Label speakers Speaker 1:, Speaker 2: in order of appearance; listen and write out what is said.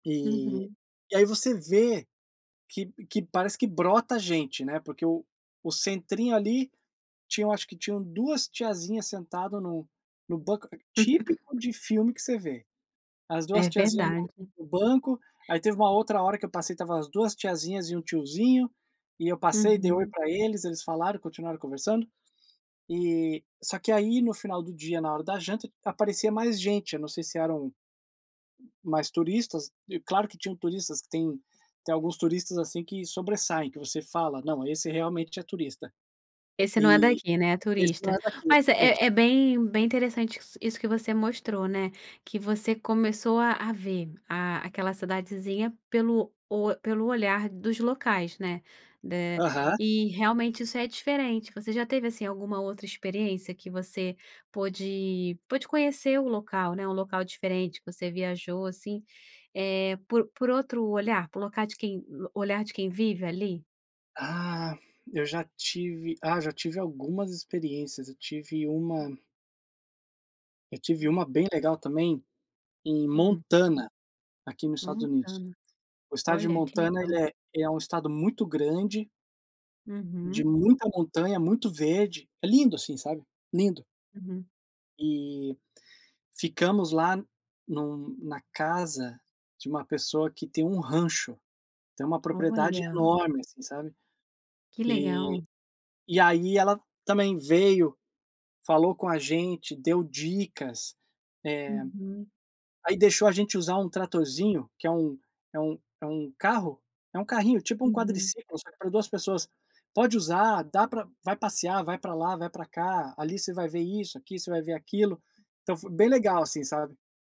Speaker 1: E
Speaker 2: Uhum.
Speaker 1: e aí você vê que p que parece que brota gente, né, porque o o centrinho, ali, tinham eu acho que tinham 2 tiazinhas sentado no no banco típico de filme que você vê. As 2
Speaker 2: É
Speaker 1: tiazinha no
Speaker 2: verdade.
Speaker 1: no banco, aí teve uma outra hora que eu passei, estava as 2 tiazinhas e 1 tiozinho, e eu passei, dei oi
Speaker 2: Uhum.
Speaker 1: para eles, eles falaram, continuaram conversando, e, só que aí, no final do dia, na hora da janta, aparecia mais gente, eu não sei se eram mais turistas e, claro que tinham turistas que tem tem alguns turistas, assim, que sobressaem, que você fala: "Não, esse realmente é turista".
Speaker 2: "Esse não é
Speaker 1: E
Speaker 2: daqui, né, é
Speaker 1: "esse não
Speaker 2: turista."
Speaker 1: é daqui",
Speaker 2: Mas
Speaker 1: realmente.
Speaker 2: é é bem bem interessante isso isso que você mostrou, né, que você começou a a ver a aquela cidadezinha pelo o pelo olhar dos locais, né. Eh,
Speaker 1: Aham.
Speaker 2: e realmente isso é diferente, você já teve, assim, alguma outra experiência que você pôde pôde conhecer o local, né, um local diferente, que você viajou, assim, eh, por por outro olhar, por locar de quem olhar de quem vive, ali?
Speaker 1: Ah, eu já tive, ah, já tive algumas experiências, eu tive uma eu tive
Speaker 2: Hum.
Speaker 1: uma bem legal também, em
Speaker 2: Hum.
Speaker 1: Montana, aqui no Estados Unidos.
Speaker 2: Montana.
Speaker 1: O Estado de
Speaker 2: Olha, que
Speaker 1: Montana,
Speaker 2: legal.
Speaker 1: ele é é um Estado muito grande de
Speaker 2: Uhum.
Speaker 1: muita montanha, muito verde. É lindo, assim, sabe. Lindo.
Speaker 2: Uhum.
Speaker 1: E ficamos lá em um na casa de uma pessoa que tem um rancho, tem uma propriedade
Speaker 2: Olha.
Speaker 1: enorme assim, sabe.
Speaker 2: Que
Speaker 1: E
Speaker 2: legal.
Speaker 1: e aí ela também veio, falou com a gente, deu dicas, eh,
Speaker 2: Uhum.
Speaker 1: aí deixou a gente usar um tratorzinho, que é um é um é um carro é um carrinho, tipo um
Speaker 2: Uhum.
Speaker 1: quadriciclo, só que para 2 pessoas. "Pode usar, dá para vai passear, vai para lá, vai para cá. Ali você vai ver isso, aqui você vai ver aquilo", então foi bem legal, assim, sabe.